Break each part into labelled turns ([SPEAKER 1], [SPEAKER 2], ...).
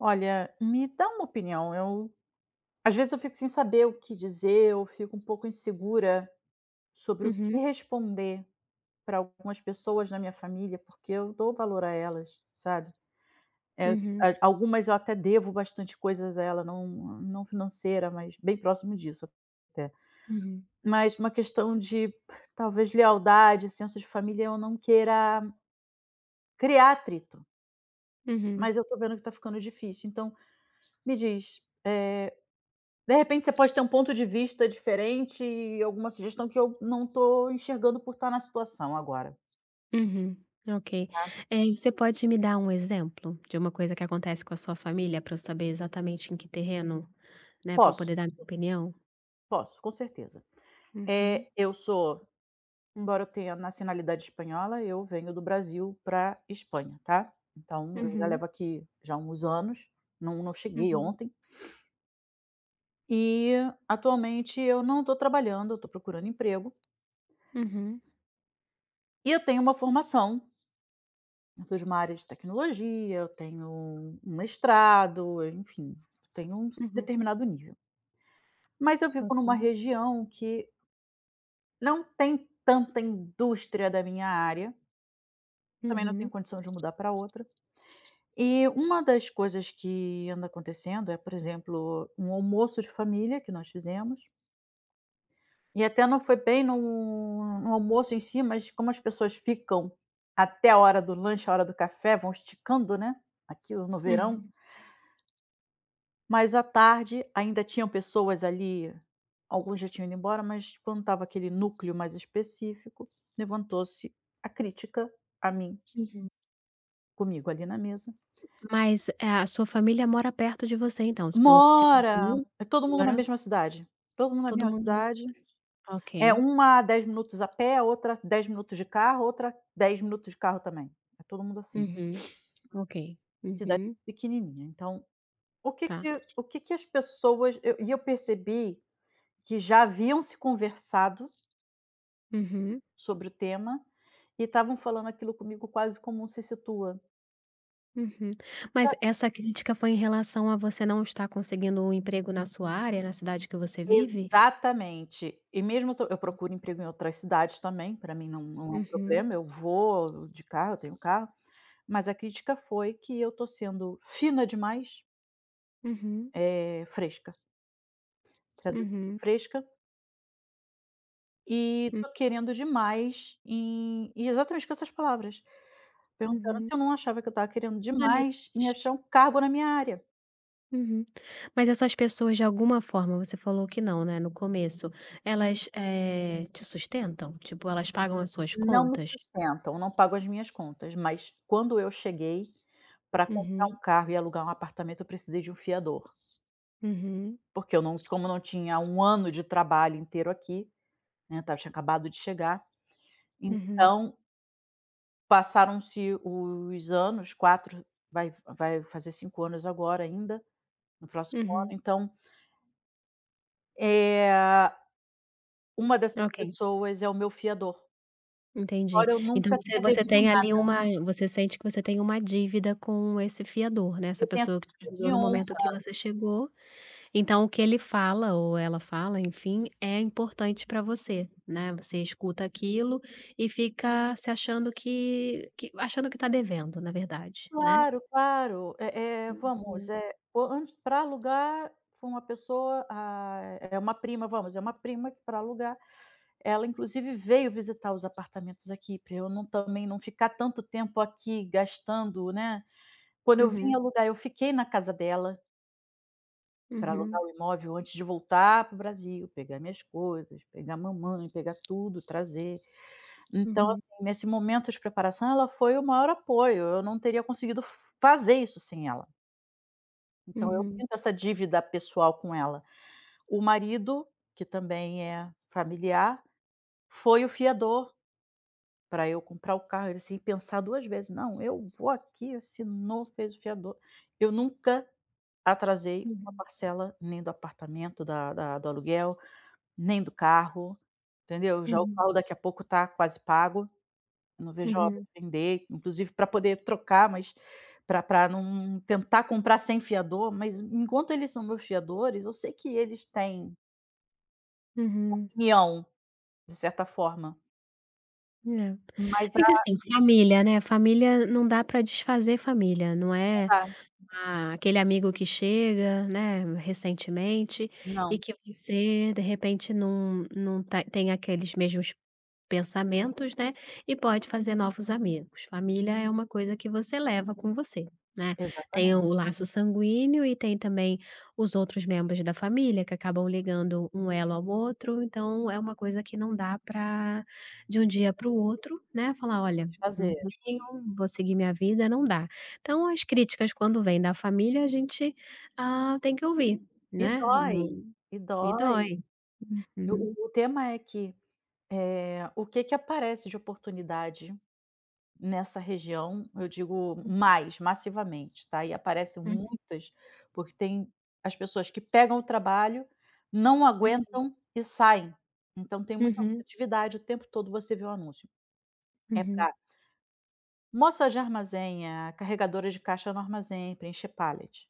[SPEAKER 1] Olha, me dá uma opinião, eu às vezes eu fico sem saber o que dizer, ou fico um pouco insegura sobre o que
[SPEAKER 2] Uhum.
[SPEAKER 1] responder pra algumas pessoas da minha família, porque eu dou valor a elas, sabe. Eh,
[SPEAKER 2] Uhum.
[SPEAKER 1] a algumas eu até devo bastante coisas a ela, não não financeira, mas bem próximo disso até.
[SPEAKER 2] Uhum.
[SPEAKER 1] Mas uma questão de talvez lealdade, senso de família, eu não queira criar atrito.
[SPEAKER 2] Uhum.
[SPEAKER 1] Mas eu tô vendo que tá ficando difícil. Então me diz, eh, de repente você pode ter um ponto de vista diferente e alguma sugestão que eu não tô enxergando por tá na situação agora.
[SPEAKER 2] Uhum, ok.
[SPEAKER 1] Tá.
[SPEAKER 2] Eh, você pode me dar um exemplo de uma coisa que acontece com a sua família pra eu saber exatamente em que terreno, né, pra eu
[SPEAKER 1] Posso.
[SPEAKER 2] poder dar minha opinião?
[SPEAKER 1] Posso, com certeza.
[SPEAKER 2] Uhum.
[SPEAKER 1] Eh, eu sou embora eu tenha nacionalidade espanhola, eu venho do Brasil pra Espanha, tá, então eu já
[SPEAKER 2] Uhum.
[SPEAKER 1] levo aqui já uns anos, não não cheguei
[SPEAKER 2] Uhum.
[SPEAKER 1] ontem. E atualmente eu não tô trabalhando, eu tô procurando emprego.
[SPEAKER 2] Uhum.
[SPEAKER 1] E eu tenho uma formação eu sou de uma área de tecnologia, eu tenho um mestrado, enfim, tenho um
[SPEAKER 2] Uhum.
[SPEAKER 1] determinado nível. Mas eu vivo numa
[SPEAKER 2] Ok.
[SPEAKER 1] região que não tem tanta indústria da minha área também não tenho
[SPEAKER 2] Uhum.
[SPEAKER 1] condição de mudar pra outra. E uma das coisas que anda acontecendo é, por exemplo, um almoço de família que nós fizemos e até não foi bem no no almoço em si, mas como as pessoas ficam até a hora do lanche, a hora do café, vão esticando, né, aquilo no verão
[SPEAKER 2] Uhum.
[SPEAKER 1] mas à tarde ainda tinham pessoas ali, alguns já tinham ido embora, mas quando tava aquele núcleo mais específico, levantou-se a crítica a mim
[SPEAKER 2] Uhum.
[SPEAKER 1] comigo ali na mesa
[SPEAKER 2] Mas, é, a sua família mora perto de você então, você falou que você
[SPEAKER 1] Mora,
[SPEAKER 2] mudou,
[SPEAKER 1] é todo mundo na
[SPEAKER 2] agora?
[SPEAKER 1] mesma cidade, todo mundo na
[SPEAKER 2] Todo
[SPEAKER 1] mesma
[SPEAKER 2] mundo.
[SPEAKER 1] cidade. É
[SPEAKER 2] Ok.
[SPEAKER 1] uma a 10 minutos a pé, a outra 10 minutos de carro, a outra 10 minutos de carro também. É todo mundo assim.
[SPEAKER 2] Uhum, ok.
[SPEAKER 1] Cidade
[SPEAKER 2] Uhum.
[SPEAKER 1] pequenininha. Então o que
[SPEAKER 2] Tá.
[SPEAKER 1] que o que que as pessoas eu e eu percebi que já haviam se conversado
[SPEAKER 2] Uhum.
[SPEAKER 1] Sobre o tema e estavam falando aquilo comigo quase como um "se situa".
[SPEAKER 2] Uhum. Mas
[SPEAKER 1] Pra
[SPEAKER 2] essa crítica foi em relação a você não estar conseguindo um emprego na sua área, na cidade que você vive?
[SPEAKER 1] Exatamente. E mesmo estou eu
[SPEAKER 2] Hum.
[SPEAKER 1] procuro emprego em outras cidades também, pra mim não não é um
[SPEAKER 2] Uhum.
[SPEAKER 1] problema, eu vou de carro, eu tenho carro, mas a crítica foi que eu estou sendo fina demais
[SPEAKER 2] Uhum.
[SPEAKER 1] Eh, fresca. Traduzindo:
[SPEAKER 2] Uhum.
[SPEAKER 1] fresca. E
[SPEAKER 2] Hum.
[SPEAKER 1] estou querendo demais em e exatamente com essas palavras, perguntando
[SPEAKER 2] Uhum.
[SPEAKER 1] se eu não achava que eu estava querendo
[SPEAKER 2] Eh
[SPEAKER 1] demais em achar um cargo na minha área.
[SPEAKER 2] Uhum, mas essas pessoas, de alguma forma, você falou que não, né, no começo, elas, eh, te sustentam? Tipo, elas pagam as suas
[SPEAKER 1] Não me
[SPEAKER 2] contas?
[SPEAKER 1] sustentam, não pago as minhas contas, mas quando eu cheguei pra comprar
[SPEAKER 2] Uhum.
[SPEAKER 1] um carro e alugar um apartamento, eu precisei de um fiador.
[SPEAKER 2] Uhum.
[SPEAKER 1] Porque eu não como não tinha um ano de trabalho inteiro aqui, né, eu tinha acabado de chegar.
[SPEAKER 2] Uhum.
[SPEAKER 1] Então Passaram-se os anos, 4, vai f vai fazer 5 anos agora ainda, no próximo ano,
[SPEAKER 2] Uhum.
[SPEAKER 1] então eh, a, uma dessas
[SPEAKER 2] Ok.
[SPEAKER 1] pessoas é o meu fiador.
[SPEAKER 2] Entendi.
[SPEAKER 1] Embora eu
[SPEAKER 2] Então,
[SPEAKER 1] nunca
[SPEAKER 2] você
[SPEAKER 1] tenha
[SPEAKER 2] você
[SPEAKER 1] devido
[SPEAKER 2] tem, ali,
[SPEAKER 1] nada.
[SPEAKER 2] uma você sente que você tem uma dívida com esse fiador, né, essa
[SPEAKER 1] Eu tenho essa
[SPEAKER 2] pessoa que te
[SPEAKER 1] dívida
[SPEAKER 2] ajudou
[SPEAKER 1] de
[SPEAKER 2] no
[SPEAKER 1] honra.
[SPEAKER 2] momento que você chegou. Então, o que ele fala ou ela fala, enfim, é importante pra você, né. Você escuta aquilo e fica se achando que que achando que tá devendo, na verdade, né?
[SPEAKER 1] Claro, claro, eh é vamos,
[SPEAKER 2] Uhum.
[SPEAKER 1] eh, o antes pra alugar foi uma pessoa, hã, é uma prima, vamos, é uma prima que pra alugar, ela inclusive veio visitar os apartamentos aqui pra eu não também, não ficar tanto tempo aqui gastando, né. Quando eu vim
[SPEAKER 2] Uhum.
[SPEAKER 1] alugar, eu fiquei na casa dela pra alugar
[SPEAKER 2] Uhum.
[SPEAKER 1] o imóvel antes de voltar para o Brasil, pegar minhas coisas, pegar mamãe, pegar tudo, trazer. Então,
[SPEAKER 2] Uhum.
[SPEAKER 1] assim, nesse momento de preparação, ela foi o maior apoio. Eu não teria conseguido fazer isso sem ela. Então eu
[SPEAKER 2] Uhum.
[SPEAKER 1] sinto essa dívida pessoal com ela. O marido, que também é familiar, foi o fiador pra eu comprar o carro. Ele sem pensar 2 vezes: "Não, eu vou aqui", assinou, fez o fiador. Eu nunca atrasei 1
[SPEAKER 2] Uhum.
[SPEAKER 1] parcela, nem do apartamento, da da do aluguel, nem do carro, entendeu? Já o carro
[SPEAKER 2] Uhum.
[SPEAKER 1] daqui a pouco tá quase pago. Não vejo a hora
[SPEAKER 2] Uhum.
[SPEAKER 1] de vender, inclusive pra poder trocar, mas pra pra num tentar comprar sem fiador, mas enquanto eles são meus fiadores, eu sei que eles têm
[SPEAKER 2] Uhum.
[SPEAKER 1] opinião, de certa forma.
[SPEAKER 2] É.
[SPEAKER 1] Mas
[SPEAKER 2] É que,
[SPEAKER 1] a
[SPEAKER 2] assim, família, né. Família, não dá pra desfazer família, não
[SPEAKER 1] Não
[SPEAKER 2] é,
[SPEAKER 1] da.
[SPEAKER 2] a aquele amigo que chega, né, recentemente e
[SPEAKER 1] Não.
[SPEAKER 2] que você, de repente, num num ta tem aqueles mesmos pensamentos, né, e pode fazer novos amigos. Família é uma coisa que você leva com você, né. Tem o
[SPEAKER 1] Exatamente.
[SPEAKER 2] laço sanguíneo e tem também os outros membros da família, que acabam ligando um elo ao outro, então, é uma coisa que não dá pra de um dia para o outro, né, falar: "Olha, não
[SPEAKER 1] Desfazer.
[SPEAKER 2] venham, vou seguir minha vida", não dá! Então as críticas quando vêm da família, a gente, hã, tem que ouvir,
[SPEAKER 1] E
[SPEAKER 2] né.
[SPEAKER 1] dói,
[SPEAKER 2] Num
[SPEAKER 1] e
[SPEAKER 2] e
[SPEAKER 1] dói.
[SPEAKER 2] dói.
[SPEAKER 1] Eu o o tema é que, eh, o que que aparece de oportunidade nessa região, eu digo
[SPEAKER 2] Hum.
[SPEAKER 1] mais, massivamente, tá, e aparecem
[SPEAKER 2] Hum.
[SPEAKER 1] muitas, porque tem, as pessoas que pegam o trabalho, não
[SPEAKER 2] Uhum.
[SPEAKER 1] aguentam e saem. Então, tem muita
[SPEAKER 2] Uhum.
[SPEAKER 1] rotatividade, o tempo todo você vê o anúncio É
[SPEAKER 2] Uhum.
[SPEAKER 1] pra moça de armazém, é a, carregadora de caixa no armazém, preencher pallet.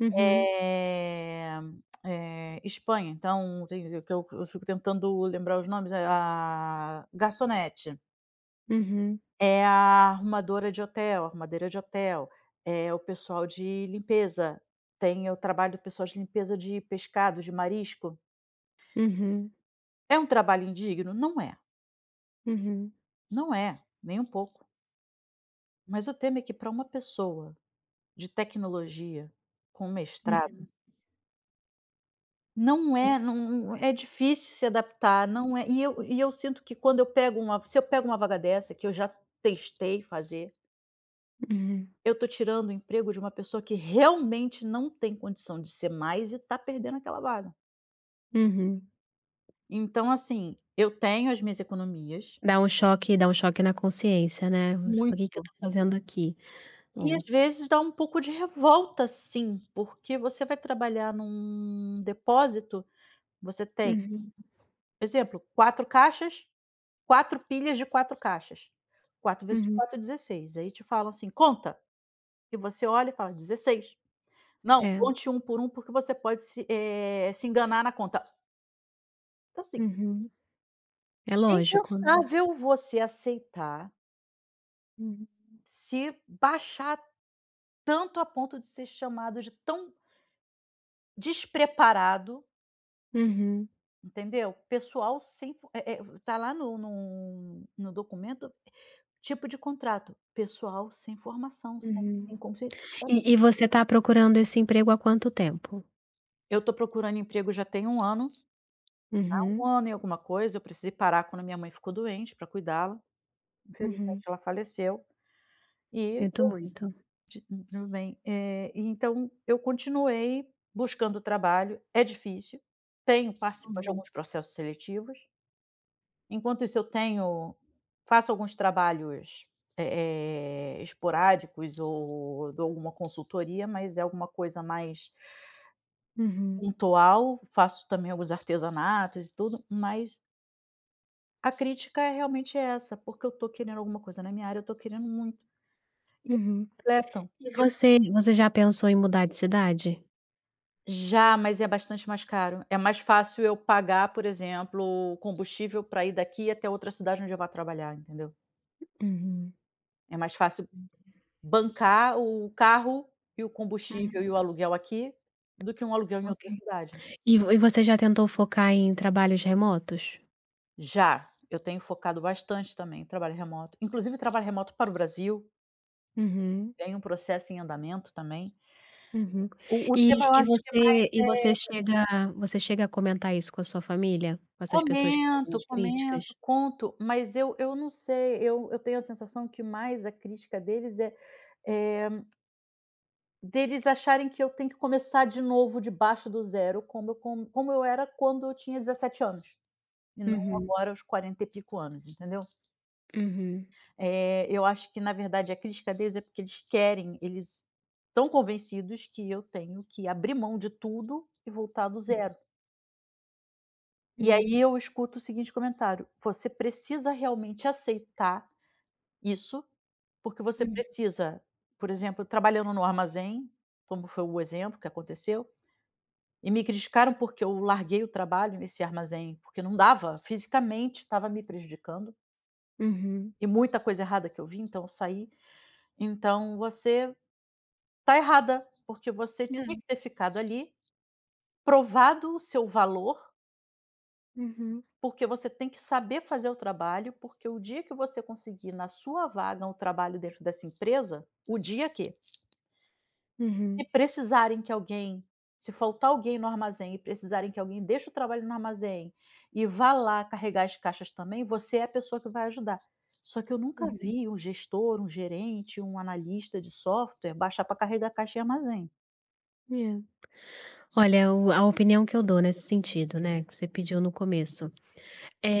[SPEAKER 2] Uhum.
[SPEAKER 1] Eh eh. Espanha, então, [unintelligible] que eu eu fico tentando lembrar os nomes, é, ah, garçonete.
[SPEAKER 2] Uhum.
[SPEAKER 1] É a arrumadora de hotel, arrumadeira de hotel, é o pessoal de limpeza, tem o trabalho do pessoal de limpeza de pescado, de marisco.
[SPEAKER 2] Uhum.
[SPEAKER 1] É um trabalho indigno? Não é.
[SPEAKER 2] Uhum.
[SPEAKER 1] Não é, nem um pouco. Mas o tema é que pra uma pessoa, de tecnologia, com mestrado
[SPEAKER 2] Uhum.
[SPEAKER 1] não é, não não é difícil se adaptar, não é e eu e eu sinto que quando eu pego uma se eu pego uma vaga dessa, que eu já testei fazer
[SPEAKER 2] Hum.
[SPEAKER 1] eu tô tirando o emprego de uma pessoa que realmente não tem condição de ser mais e tá perdendo aquela vaga.
[SPEAKER 2] Uhum.
[SPEAKER 1] Então, assim, eu tenho as minhas economias.
[SPEAKER 2] Dá um choque dá um choque na consciência, né, você fala: "O que que eu
[SPEAKER 1] Muito.
[SPEAKER 2] tô fazendo aqui?".
[SPEAKER 1] E às
[SPEAKER 2] É.
[SPEAKER 1] vezes dá um pouco de revolta, sim, porque você vai trabalhar num depósito, você tem
[SPEAKER 2] Uhum.
[SPEAKER 1] por exemplo, 4 caixas, 4 pilhas de 4 caixas. 4 vezes
[SPEAKER 2] Uhum.
[SPEAKER 1] 4, 16. Aí te falam assim: "Conta". E você olha e fala: "16." "Não,
[SPEAKER 2] É.
[SPEAKER 1] conte 1, por 1, porque você pode se, eh, se enganar na conta". Assim
[SPEAKER 2] Uhum. É
[SPEAKER 1] é
[SPEAKER 2] lógico, né.
[SPEAKER 1] impensável você aceitar
[SPEAKER 2] Uhum.
[SPEAKER 1] se baixar tanto a ponto de ser chamado de tão despreparado
[SPEAKER 2] Uhum.
[SPEAKER 1] entendeu. Pessoal sem fo é é, tá lá no no no documento, tipo de contrato: pessoal sem formação, sem
[SPEAKER 2] Uhum.
[SPEAKER 1] sem qualificação.
[SPEAKER 2] E e você tá procurando esse emprego há quanto tempo?
[SPEAKER 1] Eu tô procurando emprego já tem um ano. Há um
[SPEAKER 2] Uhum.
[SPEAKER 1] ano e alguma coisa, eu precisei parar quando a minha mãe ficou doente, pra cuidá-la.
[SPEAKER 2] Uhum.
[SPEAKER 1] Infelizmente, ela faleceu e
[SPEAKER 2] Sinto
[SPEAKER 1] eu,
[SPEAKER 2] muito.
[SPEAKER 1] [unintelligible] também, eh, então eu continuei buscando trabalho. É difícil. Tenho participado de
[SPEAKER 2] Uhum.
[SPEAKER 1] alguns processos seletivos. Enquanto isso, eu tenho faço alguns trabalhos, eh eh, esporádicos ou dou alguma consultoria, mas é alguma coisa mais
[SPEAKER 2] Uhum.
[SPEAKER 1] pontual. Faço também alguns artesanatos e tudo, mas. A crítica é realmente essa, porque eu tô querendo alguma coisa na minha área, eu tô querendo muito. E
[SPEAKER 2] Uhum.
[SPEAKER 1] [unintelligible] completam
[SPEAKER 2] E
[SPEAKER 1] que eu ti
[SPEAKER 2] você você já pensou em mudar de cidade?
[SPEAKER 1] Já, mas é bastante mais caro. É mais fácil eu pagar, por exemplo, o combustível pra ir daqui até outra cidade onde eu vá trabalhar, entendeu?
[SPEAKER 2] Uhum.
[SPEAKER 1] É mais fácil, bancar o carro e o combustível e
[SPEAKER 2] Uhum.
[SPEAKER 1] o aluguel aqui, do que um aluguel em
[SPEAKER 2] Ok.
[SPEAKER 1] outra cidade.
[SPEAKER 2] E vo e você já tentou focar em trabalhos remotos?
[SPEAKER 1] Já, eu tenho focado bastante também, trabalho remoto, inclusive trabalho remoto para o Brasil.
[SPEAKER 2] Uhum.
[SPEAKER 1] Tenho um processo em andamento também.
[SPEAKER 2] Uhum.
[SPEAKER 1] O o
[SPEAKER 2] E
[SPEAKER 1] tema eu
[SPEAKER 2] e
[SPEAKER 1] acho que mais
[SPEAKER 2] você e você
[SPEAKER 1] é
[SPEAKER 2] chega você chega a comentar isso com a sua família? Com essas pessoas que fazem
[SPEAKER 1] Comento,
[SPEAKER 2] as críticas?
[SPEAKER 1] comento, conto. Mas eu eu não sei, eu eu tenho a sensação que mais a crítica deles é é deles acharem que eu tenho que começar de novo debaixo do zero como eu como eu era quando eu tinha 17 anos, e não
[SPEAKER 2] Uhum.
[SPEAKER 1] agora aos quarenta e pico anos, entendeu.
[SPEAKER 2] Uhum.
[SPEAKER 1] É, eu acho que, na verdade, a crítica deles, é porque eles querem, eles estão convencidos que eu tenho que abrir mão de tudo e voltar do zero. E
[SPEAKER 2] Hum.
[SPEAKER 1] aí eu escuto o seguinte comentário: "Você precisa realmente aceitar isso, porque você
[SPEAKER 2] Hum.
[SPEAKER 1] precisa", por exemplo, trabalhando no armazém, como foi o exemplo que aconteceu, e me criticaram porque eu larguei o trabalho nesse armazém, porque não dava, fisicamente tava me prejudicando
[SPEAKER 2] Uhum.
[SPEAKER 1] e muita coisa errada que eu vi, então eu saí. "Então você tá errada, porque você tinha
[SPEAKER 2] Hã.
[SPEAKER 1] que ter ficado ali, provado o seu valor."
[SPEAKER 2] Uhum.
[SPEAKER 1] "Porque você tem que saber fazer o trabalho, porque o dia que você conseguir na sua vaga um trabalho dentro dessa empresa, o dia que"
[SPEAKER 2] Uhum.
[SPEAKER 1] "se precisarem que alguém, se faltar alguém no armazém e precisarem que alguém deixe o trabalho no armazém e vá lá carregar as caixas também, você é a pessoa que vai ajudar". Só que eu nunca
[SPEAKER 2] Uhum.
[SPEAKER 1] vi um gestor, um gerente, um analista de software baixar pra carregar caixa em armazém.
[SPEAKER 2] É. Olha, o a opinião que eu dou nesse sentido, né, que você pediu no começo,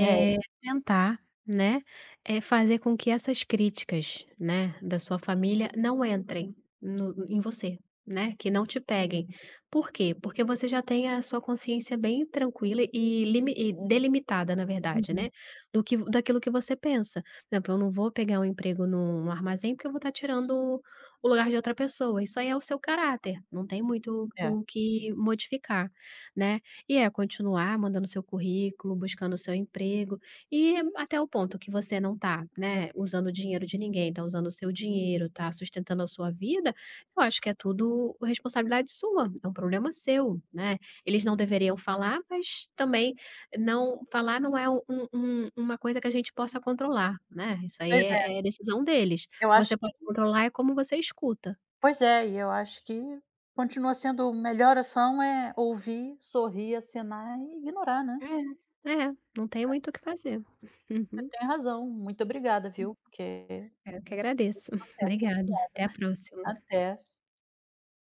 [SPEAKER 1] É.
[SPEAKER 2] tentar, né, eh, fazer com que essas críticas, né, da sua família não entrem no em você, né. Que não te peguem. Por quê? Porque você já tem a sua consciência bem tranquila e limi e delimitada, na verdade,
[SPEAKER 1] Uhum.
[SPEAKER 2] né. Do que vo daquilo que você pensa. Exemplo: "eu não vou pegar um emprego num armazém, porque eu vou tá tirando o lugar de outra pessoa." Isso aí é o seu caráter, não tem muito
[SPEAKER 1] É.
[SPEAKER 2] o que modificar, né. E é continuar mandando seu currículo, buscando o seu emprego e até o ponto que você não tá, né, usando o dinheiro de ninguém, tá usando o seu dinheiro, tá sustentando a sua vida, eu acho que é tudo responsabilidade sua, é um problema seu, né. Eles não deveriam falar, mas também não falar não é um um uma coisa que a gente possa controlar, né. Isso aí
[SPEAKER 1] Pois é.
[SPEAKER 2] é, é decisão deles. O
[SPEAKER 1] Eu
[SPEAKER 2] que
[SPEAKER 1] acho
[SPEAKER 2] você pode
[SPEAKER 1] que
[SPEAKER 2] controlar é como você escuta.
[SPEAKER 1] Pois é, e eu acho que continua sendo melhor ação é ouvir, sorrir, acenar e ignorar, né.
[SPEAKER 2] É, é, não tem
[SPEAKER 1] É.
[SPEAKER 2] muito o que fazer.
[SPEAKER 1] Você
[SPEAKER 2] Uhum.
[SPEAKER 1] tem razão, muito obrigada, viu. Porque.
[SPEAKER 2] Eu que agradeço.
[SPEAKER 1] Tudo certo,
[SPEAKER 2] Obrigada. Até a
[SPEAKER 1] obrigada.
[SPEAKER 2] próxima.
[SPEAKER 1] Até.